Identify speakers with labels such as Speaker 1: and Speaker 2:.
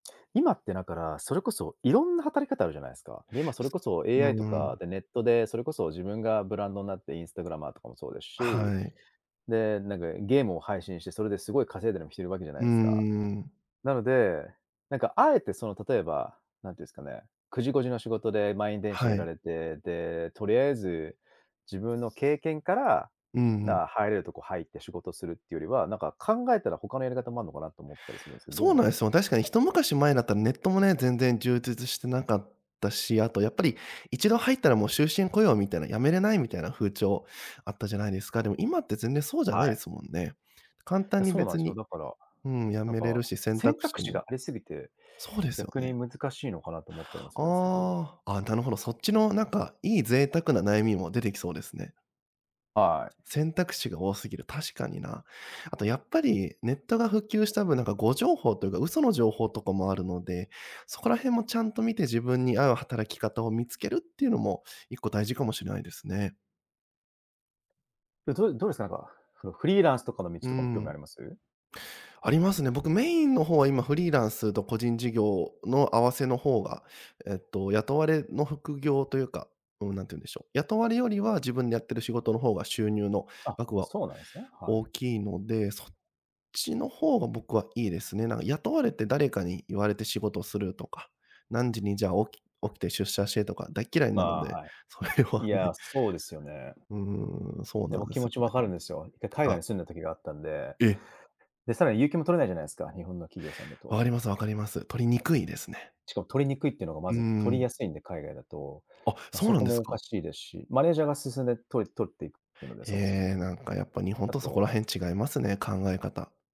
Speaker 1: 今ってだから、それこそいろんな働き方あるじゃないですか。で、今それ
Speaker 2: す
Speaker 1: こそ
Speaker 2: う
Speaker 1: AI と
Speaker 2: ーん。
Speaker 1: か、で、ネットでそれこそ自分がブランドんなってインスタグラマーとかもそうですし。
Speaker 2: はい。
Speaker 1: で、なんかゲームを配信して、それですごい稼いでるむひてるわけじゃな
Speaker 2: うー
Speaker 1: いすか。
Speaker 2: ん。
Speaker 1: なので、なんかあえて、その、例えば、なんて言うんすかね、9時5時の仕事で満員電車
Speaker 2: は
Speaker 1: 揺ら
Speaker 2: い。
Speaker 1: れて、で、とりあえず、自分の経験から、
Speaker 2: うん、ふん。
Speaker 1: だ、入れるとこ入って仕事するっていうよりは、なんか考えたら他のやり方もあんのかなと思ったりするんすけど、どう
Speaker 2: そう
Speaker 1: 思い
Speaker 2: な
Speaker 1: ま
Speaker 2: いす
Speaker 1: す？
Speaker 2: よ。確かに一昔前だったらネットもね、全然充実してなかったし、あとやっぱり一度入ったらもう終身雇用みたいな、辞めれないみたいな風潮あったじゃないですか。でも今って全然そうじゃな
Speaker 1: は
Speaker 2: いで
Speaker 1: い。
Speaker 2: すもんね。簡単
Speaker 1: だ、
Speaker 2: に
Speaker 1: そうなん
Speaker 2: 別
Speaker 1: しょ、
Speaker 2: に
Speaker 1: だから、
Speaker 2: うん、辞
Speaker 1: なん
Speaker 2: めれる
Speaker 1: か、
Speaker 2: し、選
Speaker 1: 選
Speaker 2: 択
Speaker 1: 択
Speaker 2: 肢
Speaker 1: 肢が
Speaker 2: も
Speaker 1: ありすぎて、
Speaker 2: そうですよ
Speaker 1: 逆
Speaker 2: ね。
Speaker 1: に難しいのかなと思ったりもするんすけど。
Speaker 2: ああ、あ、なるほど、そっちのなんかいい贅沢な悩みも出てきそうですね。
Speaker 1: はい。
Speaker 2: 選択肢が多すぎる。確かにな。あとやっぱりネットが普及した分、なんか誤情報というか、嘘の情報とかもあるので、そこら辺もちゃんと見て自分に合う働き方を見つけるっていうのも、一個大事かもしれないですね。
Speaker 1: え、どどうすか、なんか、ふのフリーランスとかの道
Speaker 2: う
Speaker 1: とかも興味あ
Speaker 2: ん。
Speaker 1: ります？
Speaker 2: ありますね。僕メインの方は、今フリーランスと個人事業の合わせの方が、えっと、雇われの副業というか、うーん、なんていうんでしょう、雇われよりは自分でやってる仕事の方が収入の
Speaker 1: あ、
Speaker 2: 額は
Speaker 1: そうなんすね、はい。
Speaker 2: 大きいので、そっちの方が僕はいいですね。なんが雇われて誰かに言われて仕事するとか、何時にじゃ起き起きて出社してとか大嫌いなの
Speaker 1: ば、
Speaker 2: で、
Speaker 1: は
Speaker 2: それ
Speaker 1: い。
Speaker 2: は
Speaker 1: いや、
Speaker 2: ね。
Speaker 1: そうですよね。
Speaker 2: うーん、そう
Speaker 1: で、
Speaker 2: な
Speaker 1: ぼ
Speaker 2: んで
Speaker 1: 気
Speaker 2: す
Speaker 1: 持
Speaker 2: よ
Speaker 1: ち分
Speaker 2: ね。
Speaker 1: かるんですよ。て、海外
Speaker 2: あ。
Speaker 1: に住んだ時があったんで。
Speaker 2: え！
Speaker 1: で、さらに有給も取れないじゃないすか、日本の企業さんだと。
Speaker 2: 分か
Speaker 1: お
Speaker 2: ります、分かります。取りにくいですね。
Speaker 1: しかも取りにくいっていうのが、ま
Speaker 2: うー
Speaker 1: ず取り
Speaker 2: ん。
Speaker 1: やすいんで、海外だと。
Speaker 2: あ、
Speaker 1: まあ、
Speaker 2: そう
Speaker 1: そ
Speaker 2: な
Speaker 1: こ
Speaker 2: んで
Speaker 1: も
Speaker 2: す
Speaker 1: おか
Speaker 2: か？
Speaker 1: しいですし、マネージャーが進んでとい取っていくので、そもそも。
Speaker 2: ええ、なんかやっぱ日本
Speaker 1: あ
Speaker 2: とそこ
Speaker 1: と
Speaker 2: ら辺違いますね、考え方。